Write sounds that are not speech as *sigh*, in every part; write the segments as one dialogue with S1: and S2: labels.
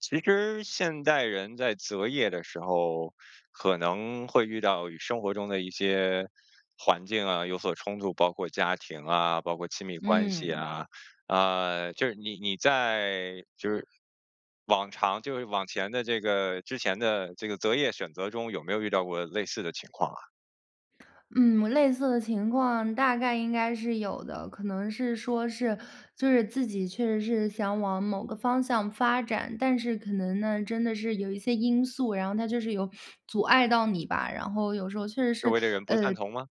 S1: 其实现代人在择业的时候，可能会遇到与生活中的一些环境啊，有所冲突，包括家庭啊，包括亲密关系
S2: 嗯。
S1: 啊。呃，就是你你在，就是往常，就是往前的这个之前的这个择业选择中，有没有遇到过类似的情况啊？
S2: 嗯，我类似的情况大概应该是有的，可能是说是，就是自己确实是想往某个方向发展，但是可能呢，真的是有一些因素，然后它就是有阻碍到你吧。然后有时候确实
S1: 周
S2: 是，
S1: 围的人不
S2: 呃
S1: 赞同吗？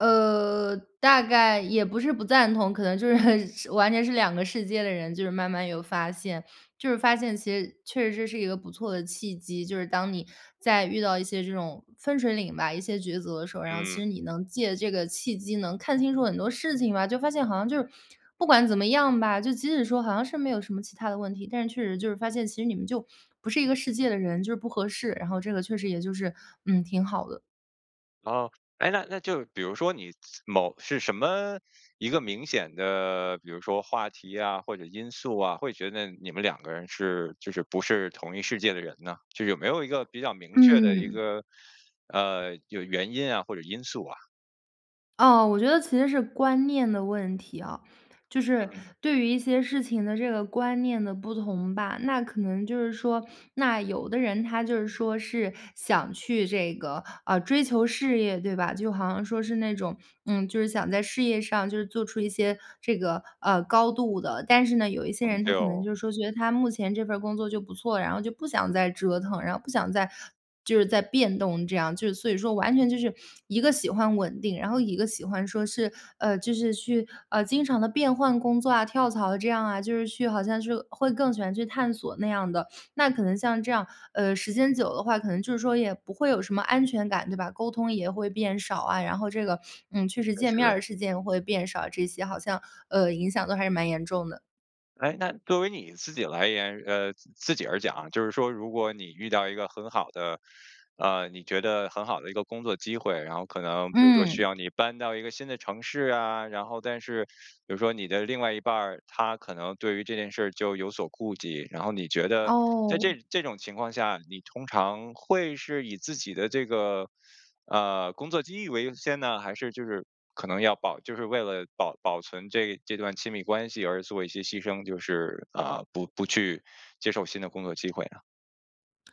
S2: 呃，大概也不是不赞同。可能就是，完全是两个世界的人，就是慢慢有发现。就是发现其实确实是，是一个不错的契机，就是当你在遇到一些这种分水岭吧，一些抉择的时候，然后其
S1: 嗯。
S2: 实你能借这个契机，能看清楚很多事情吧。就发现好像就，不管怎么样吧，就即使说好像是没有什么其他的问题，但是确实就是发现其实你们就不是一个世界的人，就是不合适。然后这个确实也就是，嗯，挺好的。
S1: 哦哎，那那就比如说你某是什么，一个明显的，比如说话题呀或者因素啊，会觉得你们两个人是就是不是同一世界的人呢？就有没有一个比较明确的一
S2: 嗯。
S1: 个呃有原因啊或者因素啊？
S2: 哦，我觉得其实是观念的问题哦。就是
S1: 嗯。
S2: 对于一些事情的这个观念的不同吧，那可能就是说，那有的人他就是说是想去这个啊追求事业，对吧，就好像说是那种，嗯，就是想在事业上就是做出一些这个，呃，高度的。但是呢，有一些
S1: 嗯，
S2: 人
S1: 对
S2: 他可能
S1: 哦。
S2: 就觉得他目前这份儿工作就不错，然后就不想再折腾，然后不想再就是再变动这样。就是所以说完全就是一个喜欢稳定，然后一个喜欢说是，呃，就是去，呃，经常地变换工作啊，跳槽这样啊，就是去好像是会更喜欢去探索那样的。那可能像这样，呃，时间久的话，可能就是说也不会有什么安全感，对吧？沟通也会变少啊，然后这个，嗯，确实
S1: 确
S2: 见面
S1: 实。
S2: 儿的时间也会变少，这些好像，呃，影响都还是蛮严重的。
S1: 诶，那作为你自己来言，呃，自自己而讲就是说如果你遇到一个很好的，呃，你觉得很好的一个工作机会，然后可能比如说需
S2: 嗯。
S1: 要你搬到一个新的城市啊，然后但是比如说你的另外一半儿，他可能对于这件事儿就有所顾忌。然后你觉得在
S2: 哦。
S1: 这这种情况下，你通常会是以自己的这个，呃，工作机遇为优先呢，还是就是可能要保就是为了保保存这这段亲密关系而做一些牺牲，就是，呃，不不去接受新的工作机会呢？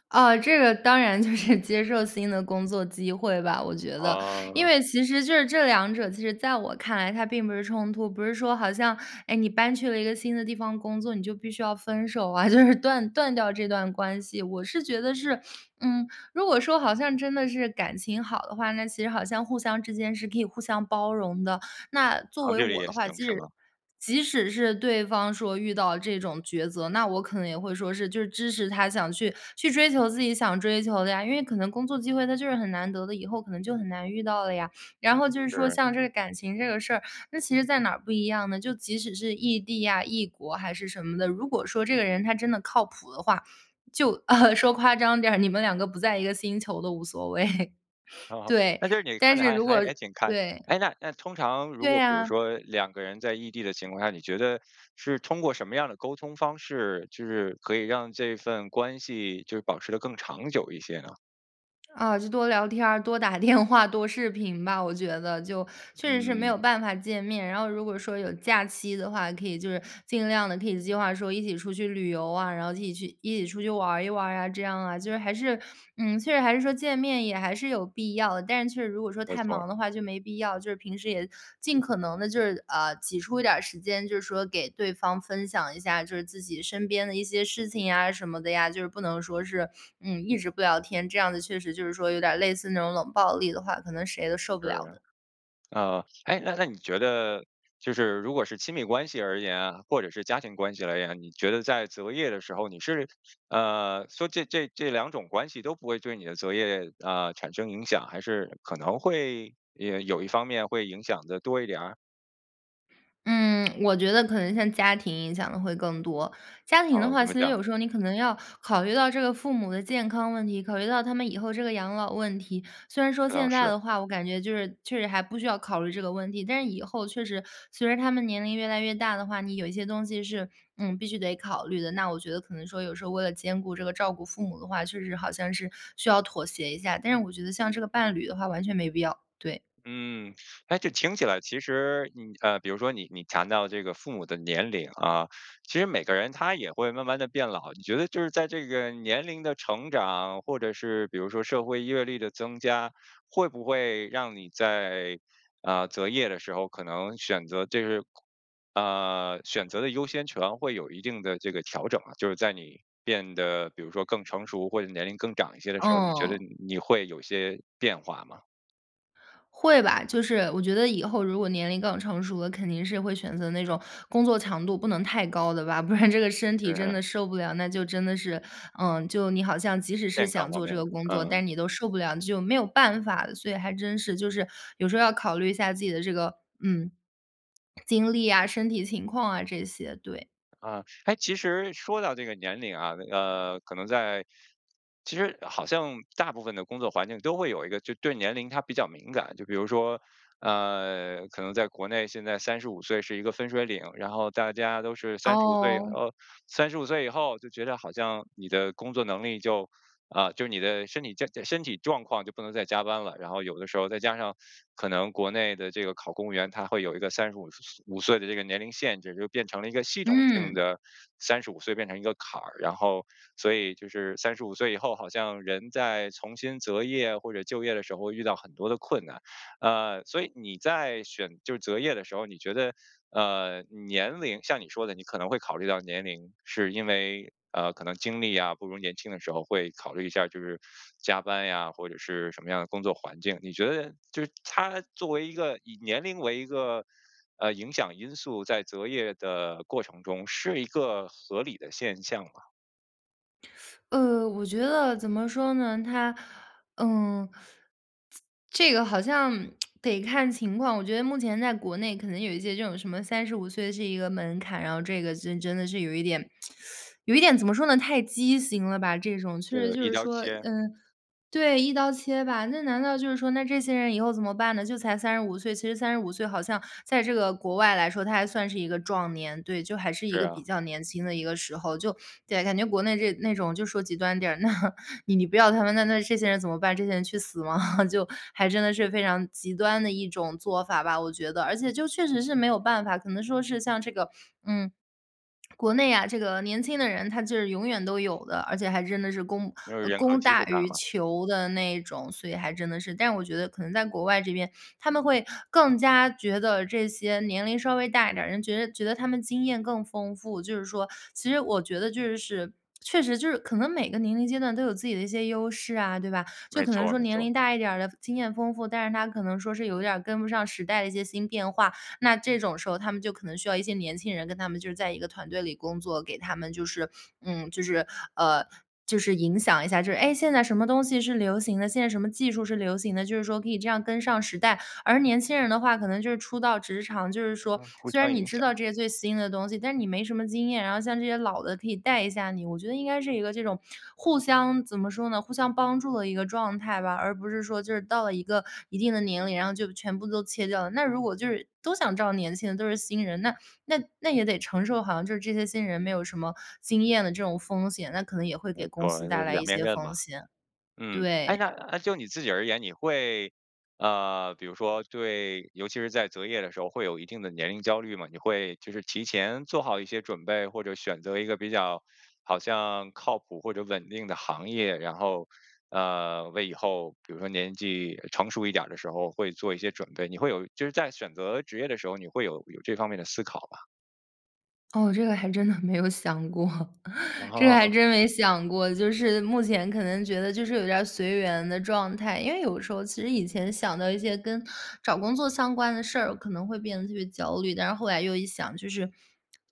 S2: 啊，这个当然就是接受新的工作机会吧，我觉得。因
S1: 啊。
S2: 为其实就是这两者其实在我看来它并不是冲突，不是说好像，诶，你搬去了一个新的地方工作，你就必须要分手啊，就是断断掉这段关系。我是觉得是，嗯，如果说好像真的是感情好的话，那其实好像互相之间是可以互相包容的。那作
S1: 长
S2: 为
S1: 距离
S2: 我
S1: 也
S2: 的话，
S1: 行
S2: 即
S1: 是
S2: 使
S1: 吗？
S2: 即使是对方说遇到这种抉择，那我可能也会说是就是支持他想去去追求自己想追求的呀。因为可能工作机会它就是很难得的，以后可能就很难遇到了呀。然后就是说
S1: 是。
S2: 像这个感情这个事儿，那其实在哪儿不一样呢？就即使是异地啊、异国还是什么的，如果说这个人他真的靠谱的话，就呃，说夸张点儿，你们两个不在一个星球都无所谓。
S1: 哦，
S2: 对，
S1: 那就是你
S2: 但
S1: 看得
S2: 是
S1: 还
S2: 如果，
S1: 还还挺开。
S2: 对。
S1: 诶那那通常如
S2: 对
S1: 果比如
S2: 啊。
S1: 说两个人在异地的情况下，你觉得是通过什么样儿的沟通方式，就是可以让这份关系就是保持得更长久一些呢？
S2: 啊，就多聊天儿、多打电话、多视频吧，我觉得就，确实是没
S1: 嗯。
S2: 有办法见面，然后如果说有假期的话，可以就是尽量地可以计划说一起出去旅游啊，然后一起去一起出去玩儿一玩儿啊，这样啊，就是还是，嗯，确实还是说见面也还是有必要。但是确实如果说
S1: 没
S2: 太
S1: 错儿。
S2: 忙的话就没必要，就是平时也尽可能地就是，啊，挤出一点儿时间，就是说给对方分享一下，就是自己身边的一些事情呀什么的呀，就是不能说是，嗯，一直不聊天，这样子确实就是说有点儿类似那种冷暴力的话，可能谁都受不
S1: 是，
S2: 了的。
S1: 呃，诶，那那你觉得就是如果是亲密关系而言啊，或者是家庭关系而言，你觉得在择业的时候你是，呃，说这这这两种关系都不会对你的择业，呃，产生影响，还是可能会呃有一方面会影响得多一点儿？
S2: 嗯，我觉得可能像家庭影响得会更多，家庭的
S1: 哦，
S2: 话，
S1: 怎
S2: 其
S1: 么
S2: 实
S1: 讲？
S2: 有时候你可能要考虑到这个父母的健康问题，考虑到他们以后这个养老问题。虽然说
S1: 这倒
S2: 现在
S1: 是。
S2: 的话，我感觉就是确实还不需要考虑这个问题，但是以后确实随着他们年龄越来越大的话，你有一些东西是，嗯，必须得考虑的，那我觉得可能说有时候为了兼顾这个照顾父母的话，确实好像是需要妥协一下，但是我觉得像这个伴侣的话完全没必要，对。
S1: 嗯，诶，这听起来其实你，呃，比如说你你强调这个父母的年龄啊，其实每个人他也会慢慢地变老。你觉得就是在这个年龄的成长，或者是比如说社会阅历的增加，会不会让你在，呃，择业的时候可能选择这是空呃，选择的优先权会有一定的这个调整啊，就是在你变得比如说更成熟或者年龄更长一些的时候儿，你觉得
S2: 嗯。
S1: 你你会有些变化吗？
S2: 会吧，就是我觉得以后如果年龄更成熟了，肯定是会选择那种工作强度不能太高的吧，不然这个身体真的
S1: 嗯。
S2: 受不了。那就真的是，嗯，就你好像即使是
S1: 健康
S2: 想
S1: 方
S2: 做这
S1: 面的，
S2: 个工作，
S1: 嗯。
S2: 但你都受不了，就没有办法了。所以还真是，就是有时候要考虑一下自己的这个，嗯，*swallows* 精力啊，身体情况啊这些，对。
S1: 啊，哎其实说到这个年龄啊，呃，可能在其实好像大部分的工作环境都会有一个就对年龄它比较敏感。就比如说呃，可能在国内现在三十五岁是一个分水岭，然后大家都是三十五岁以
S2: 哦。
S1: 后，三十五岁以后就觉得好像你的工作能力就，啊就你的身体健身体状况就不能再加班了。然后有的时候再加上可能国内的这个考公务员，它会有一个三十五五岁的这个年龄限制，就变成了一个系统性
S2: 嗯。
S1: 的，三十五岁变成一个坎儿。然后所以就是三十五岁以后好像人在重新择业或者就业的时候遇到很多的困难。呃，所以你在选就是择业的时候，你觉得，呃，年龄像你说的，你可能会考虑到年龄，是因为呃可能精力啊，不如年轻的时候会考虑一下，就是加班呀，或者是什么样的工作环境。你觉得就是它作为一个以年龄为一个，呃，影响因素在择业的过程中是一个合理的现象吗？
S2: 呃我觉得怎么说呢，他嗯，自这个好像 *tsk* 得看情况。我觉得目前在国内可能有一些这种什么35岁是一个门槛，然后这个就真的是有一点，*sucks teeth* 有一点怎么说呢，太畸形了吧，这种确
S1: 是
S2: 实
S1: 的，
S2: 就
S1: 一
S2: 是
S1: 刀
S2: 说，
S1: 切。
S2: 嗯，对，一刀切吧，那难道就是说那这些人以后怎么办呢？就才35岁，其实35岁好像在这个国外来说，他还算是一个壮年，对，就还是一
S1: 是
S2: 个比
S1: 啊。
S2: 较年轻的一个时候。就对，感觉国内这那种就说极端点儿，那你你不要他们那那这些人怎么办？这些人去死吗？*chuckles* 就还真的是非常极端的一种做法吧，我觉得。而且就确实是没有办法，可能说是像这个，嗯，国内啊，这个年轻的人他就是永远都有的，而且还真的是供
S1: 因为人口
S2: 供
S1: 基
S2: 大
S1: 础大
S2: 于
S1: 嘛。
S2: 求的那种，所以还真的是。但我觉得可能在国外这边，他们会更加觉得这些年龄稍微大一点儿的人觉得觉得他们经验更丰富，就是说，其实我觉得就是确实就是可能每个年龄阶段都有自己的一些优势啊，对吧？就
S1: 没
S2: 可能
S1: 错儿，没
S2: 年
S1: 错。
S2: 龄大一点儿的经验丰富，但是他可能说是有点儿跟不上时代的一些新变化，那这种时候他们就可能需要一些年轻人跟他们就是在一个团队里工作，给他们就是，嗯，就是，呃，就是影响一下，就是，诶，现在什么东西是流行的，现在什么技术是流行的，就是说可以这样跟上时代。而年轻人的话可能就是初到职场，就是说
S1: 嗯，互
S2: 虽
S1: 相
S2: 然你
S1: 影
S2: 知
S1: 响。
S2: 道这些最新的东西，但是你没什么经验，然后像这些老的可以带一下你，我觉得应该是一个这种互相怎么说呢，互相帮助的一个状态吧，而不是说就是到了一个一定的年龄，然后就全部都切掉了。那如果就是都想找年轻的都是新人，那那那也得承受，好像就是这些新人没有什么经验的这种风险，那可能也会
S1: 没
S2: 给公
S1: 错
S2: 司
S1: 儿，就
S2: 带来一
S1: 两面
S2: 些
S1: 刃
S2: 风
S1: 吧。
S2: 险。
S1: 嗯，诶，
S2: 对。
S1: 那就你自己而言，你会，呃，比如说对尤其是在择业的时候会有一定的年龄焦虑吗？你会就是提前做好一些准备？或者选择一个比较好像靠谱或者稳定的行业，然后，呃，为以后比如说年纪成熟一点儿的时候会做一些准备，你会有就是在选择职业的时候，你会有有这方面的思考吧？
S2: 哦，这个还真的没有想过，这个还
S1: 哦。
S2: 真没想过。就是目前可能觉得就是有点儿随缘的状态，因为有时候其实以前想到一些跟找工作相关的事儿，可能会变得特别焦虑。但是后来又一想，就是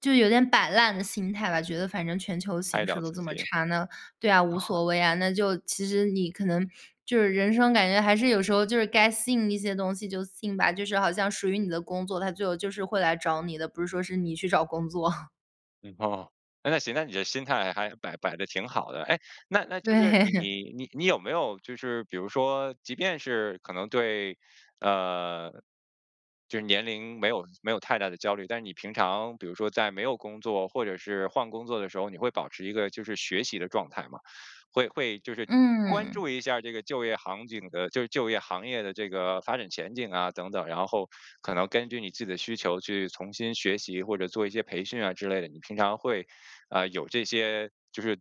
S2: 就有点摆烂的心态吧。觉得反正全球
S1: 爱
S2: 形势
S1: 聊
S2: 都
S1: 自
S2: 这么
S1: 己。
S2: 差，那对啊，无
S1: 啊。
S2: 所谓啊。那就其实你可能就是人生感觉还是有时候就是该信一些东西就信吧，就是好像属于你的工作，它最后就是会来找你的，不是说是你去找工作。*chuckles*
S1: 哦，诶，那行，那你这心态还摆摆得挺好的。诶那那就是你
S2: 对。
S1: 你你你有没有就是比如说即便是可能对呃，就是年龄没有没有太大的焦虑，但是你平常比如说在没有工作或者是换工作的时候，你会保持一个就是学习的状态吗？会会就是关
S2: 嗯。
S1: 注一下这个就业行景的就是就业行业的这个发展前景啊等等，然后可能根据你自己的需求去重新学习，或者做一些培训啊之类的？你平常会，呃，有这些就是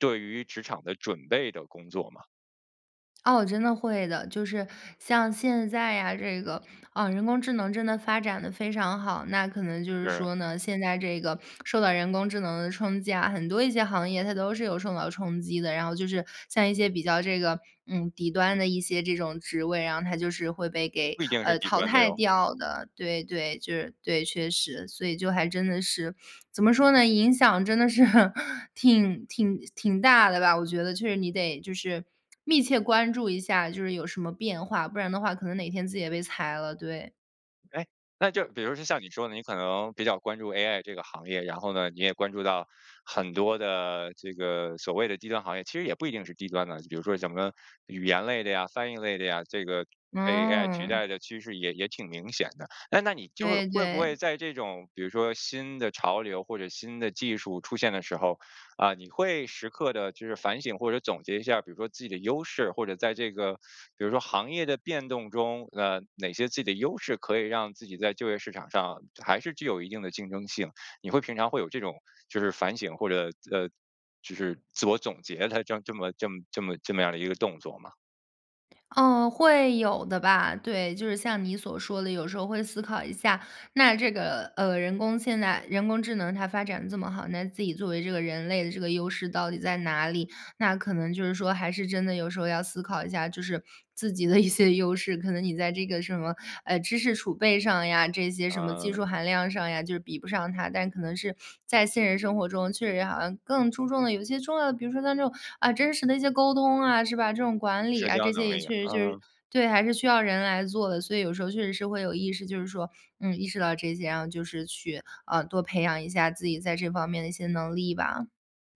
S1: 对于职场的准备的工作吗？
S2: 哦，真的会的。就是像现在啊这个，啊人工智能真的发展得非常好。那可能就是
S1: 对。
S2: 说呢，现在这个受到人工智能的冲击啊，很多一些行业它都是有受到冲击的，然后就是像一些比较这个嗯底端的一些这种职位，然后它就是会被给
S1: 不一定是
S2: 呃
S1: 底
S2: 淘
S1: 端的
S2: 汰
S1: 哟。
S2: 掉的，对对，就是对，确实。所以就还真的是怎么说呢，影响真的是挺挺挺大的吧，我觉得确实你得就是密切关注一下，就是有什么变化，不然的话可能哪天自己也被裁了，对。
S1: 哎，那就是比如像你说的你可能比较关注 AI 这个行业，然后呢，你也关注到很多的这个所谓的低端行业，其实也不一定是低端的，比如说什么语言类的呀、翻译类的呀，这个被 AI 取
S2: 嗯。
S1: 代的趋势也也挺明显的。哎那你就
S2: 对
S1: 会不会
S2: 对。
S1: 在这种比如说新的潮流或者新的技术出现的时候，呃你会时刻地就是反省或者总结一下，比如说自己的优势，或者在这个比如说行业的变动中，呃哪些自己的优势，可以让自己在就业市场上还是具有一定的竞争性，你会平常会有这种就是反省，或者，呃，就是自我总结的这么这么这么这么样儿的一个动作吗？
S2: 哦，会有的吧，对。就是像你所说的，有时候会思考一下那这个，呃，人工现在人工智能它发展这么好，那自己作为这个人类的这个优势到底在哪里？那可能就是说还是真的有时候要思考一下，就是自己的一些优势，可能你在这个什么，呃，知识储备上呀这些，什么技
S1: 嗯。
S2: 术含量上呀，就是比不上它。但可能是在现实生活中确实好像更注重的有一些重要的，比如说像这种，啊，真实的一些沟通啊，是吧？这种管理
S1: 社
S2: 啊，
S1: 交
S2: 这些
S1: 能
S2: 也
S1: 力，
S2: 确实就是
S1: 嗯。
S2: 对，还是需要人来做的。所以有时候确实是会有意识，就是说，嗯，意识到这些，然后就是去，呃，多培养一下自己在这方面的一些能力吧。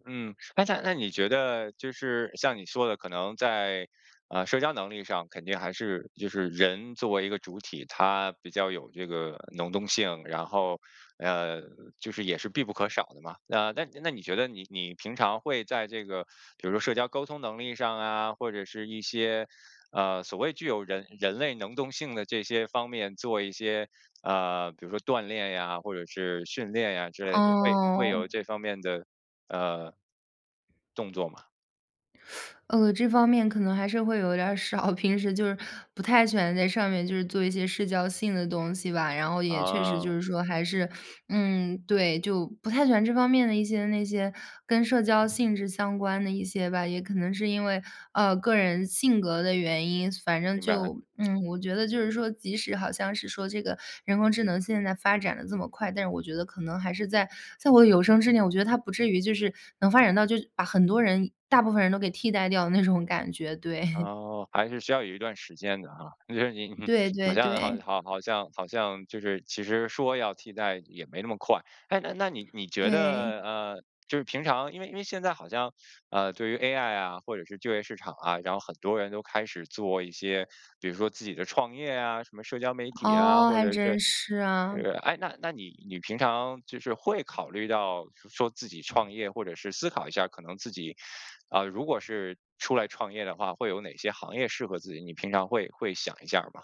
S1: 嗯，哎在那你觉得就是像你说的可能在，呃，社交能力上肯定还是就是人作为一个主体，他比较有这个能动性，然后，呃，就是也是必不可少的嘛。呃，那那你觉得你你平常会在这个比如说社交沟通能力上啊，或者是一些，呃，所谓具有人人类能动性的这些方面做一些，呃，比如说锻炼呀，或者是训练呀之类的，你会你会有
S2: 哦。
S1: 这方面的，呃动作吗？
S2: *sucks teeth* 呃，这方面可能还是会有点儿少，平时就是不太喜欢在上面就是做一些社交性的东西吧。然后也确实就
S1: 啊。
S2: 是说还是，嗯，对，就不太喜欢这方面的一些那些跟社交性质相关的一些吧，也可能是因为，呃，个人性格的原因。反正
S1: 明白。
S2: 就 *smacks lips* 嗯，我觉得就是说，即使好像是说这个人工智能现在发展得这么快，但是我觉得可能还是在在我有生之年，我觉得它不至于就是能发展到就把很多人大部分人都给替代掉的那种感觉，对。*chuckles*
S1: 哦，还是需要有一段时间的哈，就是你哼
S2: 对
S1: 好
S2: 对
S1: 像好
S2: 对。
S1: 好好像好像就是其实说要替代也没那么快。咳，那那你你觉
S2: 对。
S1: 得，呃，就是平常因为因为现在好像，呃，对于 AI 啊，或者是就业市场啊，然后很多人都开始做一些，比如说自己的创业啊，什么社交媒体啊，
S2: 哦，
S1: 或
S2: 还
S1: 者是
S2: 真是
S1: 是
S2: 啊。
S1: 诶，那那你你平常就是会考虑到说自己创业或者是思考一下可能自己，啊，如果是出来创业的话，会有哪些行业适合自己？你平常会会想一下吗？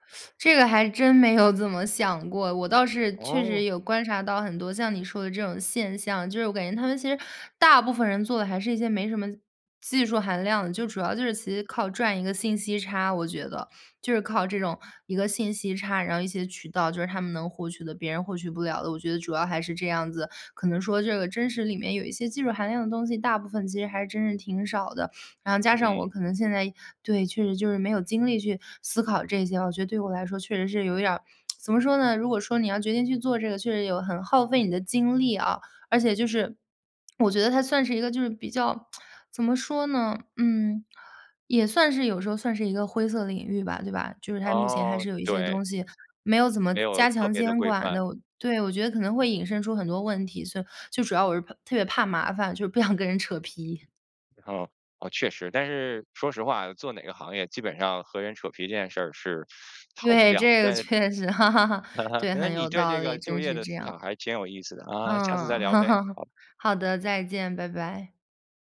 S2: *sucks teeth* 这个还真没有怎么想过，我倒是确
S1: 哦。
S2: 实有观察到很多像你说的这种现象。就是我感觉他们其实大部分人做的还是一些没什么技术含量，就主要就是其实靠赚一个信息差，我觉得。就是靠这种一个信息差，然后一些渠道就是他们能获取的，别人获取不了的。我觉得主要还是这样子，可能说这个真实里面有一些技术含量的东西，大部分其实还真是挺少的。然后加上我
S1: 嗯。
S2: 可能现在对，确实就是没有精力去思考这些啊，我觉得对我来说确实是有一点儿，*tsk* 怎么说呢？如果说你要决定去做这个，确实有很耗费你的精力啊，而且就是 *smacks lips* 我觉得它算是一个就是比较 *tsk* 怎么说呢？嗯，也算是有时候算是一个灰色的领域吧，对吧？就是它目前还
S1: 哦，
S2: 是有一些东
S1: 对。
S2: 西没有怎么
S1: 没有
S2: 加
S1: 特
S2: 强
S1: 别地
S2: 监
S1: 规
S2: 管
S1: 范。
S2: 的哦对，我觉得可能会引申出很多问题，所以就主要我是怕特别怕麻烦，就是不想跟人扯皮。
S1: 哦，啊，确实，但是说实话啊，做哪个行业基本上和人扯皮这件事儿是逃不
S2: 对，
S1: 掉的。
S2: 这个
S1: 对，
S2: 确实，*chuckles*
S1: *chuckles*
S2: 对，
S1: 那
S2: 很
S1: 你
S2: 有
S1: 对
S2: 道
S1: 这
S2: 理，
S1: 个就
S2: 真
S1: 业
S2: 是
S1: 的
S2: 这
S1: 思
S2: 样。
S1: 想还挺有意思的，啊，下次
S2: 嗯，
S1: 再聊呗。
S2: *chuckles*
S1: 好。
S2: 好的，再见，拜拜。